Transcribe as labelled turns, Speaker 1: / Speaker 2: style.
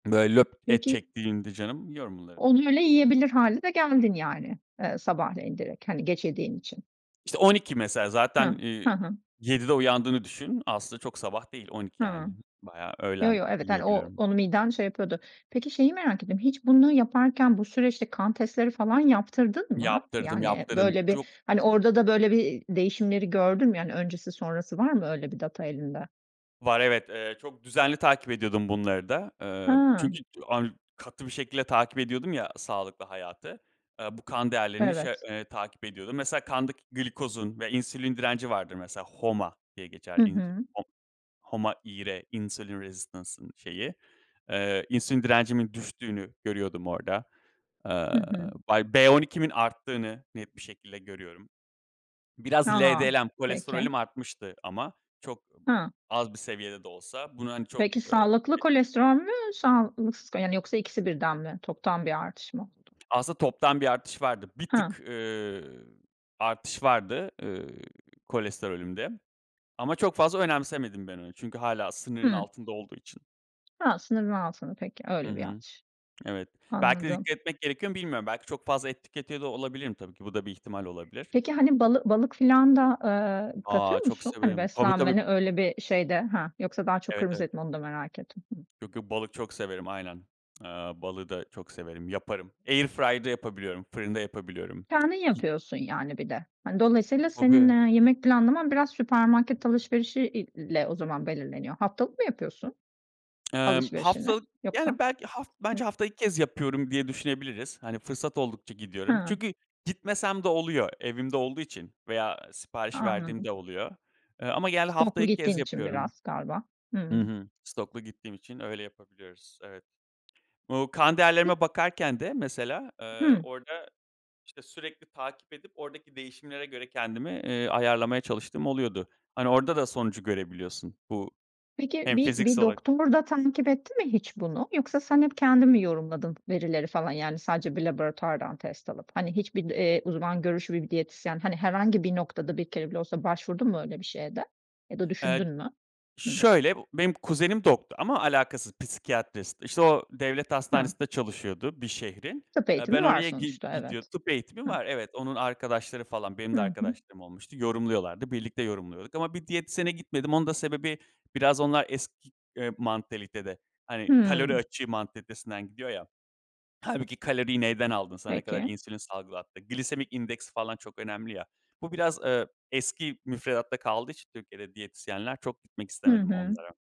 Speaker 1: Böyle löp et
Speaker 2: Peki
Speaker 1: çektiğinde canım yiyorum bunları.
Speaker 2: Onu öyle yiyebilir hâle de geldin yani, eee, sabahleyin direkt, hani geçirdiğin için.
Speaker 1: İşte 12.00 mesela zaten,
Speaker 2: Hıh.
Speaker 1: eee,
Speaker 2: Hı hı.
Speaker 1: 07.00'de uyandığını düşün. Aslında çok sabah değil 12.00 yani
Speaker 2: Hımm.
Speaker 1: bayağı
Speaker 2: Yo,
Speaker 1: öğlen
Speaker 2: yo, evet, hani o
Speaker 1: yiyebiliyorum.
Speaker 2: onu miden şey yapıyordur. Peki şeyi merak ettim, hiç bunu yaparken bu süreçte kan testleri falan yaptırdın mı?
Speaker 1: Yaptırdım,
Speaker 2: Yani
Speaker 1: yaptırdım.
Speaker 2: böyle bir,
Speaker 1: [unintelligible]
Speaker 2: hani, orada da böyle bir değişimleri gördün mü? Yani öncesi sonrası var mı öyle bir data elinde?
Speaker 1: Var evet. Eee çok düzenli takip ediyordum bunları da. Iıı,
Speaker 2: Ha.
Speaker 1: çünkü ç ar katı bir şekilde takip ediyordum ya sağlıklı hayatı. Iıı, bu kan değerlerini şey,
Speaker 2: Evet.
Speaker 1: eee, takip ediyordum. Mesela kandaki glikozun ve insülin direnci vardır mesela. HOMA diye geçer
Speaker 2: Hı
Speaker 1: inc
Speaker 2: hı.
Speaker 1: HO HOMA IR, insulin residence ın şeyi. Eee, insülin direncimin düştüğünü görüyordum orada.
Speaker 2: Hı
Speaker 1: Aaa,
Speaker 2: hı.
Speaker 1: bay B12'imin arttığını net bir şekilde görüyorum. Biraz
Speaker 2: A!
Speaker 1: LDL,
Speaker 2: Peki.
Speaker 1: kolesterolüm artmıştı ama çok
Speaker 2: Ha.
Speaker 1: az bir seviyede de olsa bunu hani çok,
Speaker 2: Peki,
Speaker 1: ııı,
Speaker 2: sağlıklı
Speaker 1: e
Speaker 2: kolesterol mü sağlıklık yoksa ikisi birden mi toptan bir artış mı oldu?
Speaker 1: Aslında toptan bir artış vardı. Bir
Speaker 2: Ha.
Speaker 1: tık, ııı, artış vardı, ııı, kolesterolümde. Ama çok fazla önemsemedim ben onu. Çünkü hâlâ sınırın
Speaker 2: Hımm.
Speaker 1: altında olduğu için.
Speaker 2: Ha, sınır mı altın peki,
Speaker 1: Hı
Speaker 2: öyle bir
Speaker 1: hı.
Speaker 2: artış.
Speaker 1: Evet, belki de
Speaker 2: Anladım.
Speaker 1: dikkat etmek gerekiyor ama bilmiyorum. Belki çok fazla et tüketiyor da olabilirim tabii ki. Bu da bir ihtimal olabilir.
Speaker 2: Peki hani balı balık filan da, ııı,
Speaker 1: A,
Speaker 2: katıyor
Speaker 1: çok
Speaker 2: musun hani
Speaker 1: severim. Tabii tabii.
Speaker 2: beslenmene? Öyle bir şey de, ha, yoksa daha çok
Speaker 1: Evet,
Speaker 2: kırmıız
Speaker 1: evet.
Speaker 2: et mi onu da merak ettim? Hıh.
Speaker 1: Yok yok balık çok severim, aynen. A, balığı da çok severim, yaparım. Airfryer'da yapabiliyorum, fırında yapabiliyorum.
Speaker 2: Kendin
Speaker 1: [unintelligible]
Speaker 2: yapıyorsun yani bir de. Hani dolayısıyla senin,
Speaker 1: Tabii.
Speaker 2: eee, yemek planlaman biraz süpermarket alışverişi i ile o zaman belirleniyor. Haftalık mı yapıyorsun
Speaker 1: Eee,
Speaker 2: alışverişini
Speaker 1: haftalık,
Speaker 2: yoksa?
Speaker 1: yani belki haf
Speaker 2: Hıh.
Speaker 1: bence haftada 2 kez yapıyorum diye düşünebiliriz. Hani fırsat oldukça gidiyorum.
Speaker 2: Ha.
Speaker 1: Çünkü gitmesem de oluyor. Evimde olduğu için veya sipariş verdiğim
Speaker 2: Anladım.
Speaker 1: de oluyor. Eee, ama genelde hafta
Speaker 2: Stoklu
Speaker 1: 2 kez
Speaker 2: gittiğin için
Speaker 1: yapıyorum.
Speaker 2: biraz galiba.
Speaker 1: Hı
Speaker 2: Hımm.
Speaker 1: hı. Stoklu gittiğim için öyle yapabiliyoruz. Evet. Bu kan
Speaker 2: Pe
Speaker 1: değerlerime bakarken de mesela, ııı,
Speaker 2: Hımm.
Speaker 1: orada işte sürekli takip edip oradaki değişimlere göre kendimi, eee, ayarlamaya çalıştığım oluyordu. Hani orada da sonucu görebiliyorsun bu
Speaker 2: Peki
Speaker 1: hem
Speaker 2: bir bir
Speaker 1: fiziksel olarak
Speaker 2: doktor da takip etti mi hiç bunu? Yoksa sen hep kendin mi yorumladın verileri falan? Yani sadece bir laboratuvardan test alıp, hani hiçbir, eee, uzman görüşü bir diyetisyen hani herhangi bir noktada bir kere bile olsa başvurdun mu öyle bir şeye de ya da
Speaker 1: Eee,
Speaker 2: düşündün mü? Hıh.
Speaker 1: şöyle b benim kuzenim doktor ama alakasız psikiyatrist. İşte o devlet
Speaker 2: Ha.
Speaker 1: hastanesinde çalışıyordu bir şehrin.
Speaker 2: Tıp
Speaker 1: Eee, ben
Speaker 2: eğitimi var
Speaker 1: oraya gi
Speaker 2: sonuçta,
Speaker 1: gidiyordum.
Speaker 2: evet.
Speaker 1: Tıp eğitimi
Speaker 2: Hıh.
Speaker 1: var. Evet, onun arkadaşları falan. Benim de
Speaker 2: Hı hı.
Speaker 1: arkadaşlarım olmuştu. Yorumluyorlardı. Birlikte yorumluyorduk ama bir diyetisyene gitmedim. Onun da sebebi biraz onlar eski, eee, mantalitede. Hani kalori
Speaker 2: Hımm.
Speaker 1: açığı mantalitesinden gidiyor ya. Hâlbuki kaloriyi neyden aldın sana ne kadar
Speaker 2: Peki.
Speaker 1: insülin salgılattı? Glisemik indeksi falan çok önemli ya. Bu biraz, ııı, eski müfredatta kaldığı için Türkiye'de diyetisyenler çok gitmek
Speaker 2: Hı
Speaker 1: istemedim
Speaker 2: hı.
Speaker 1: onlara.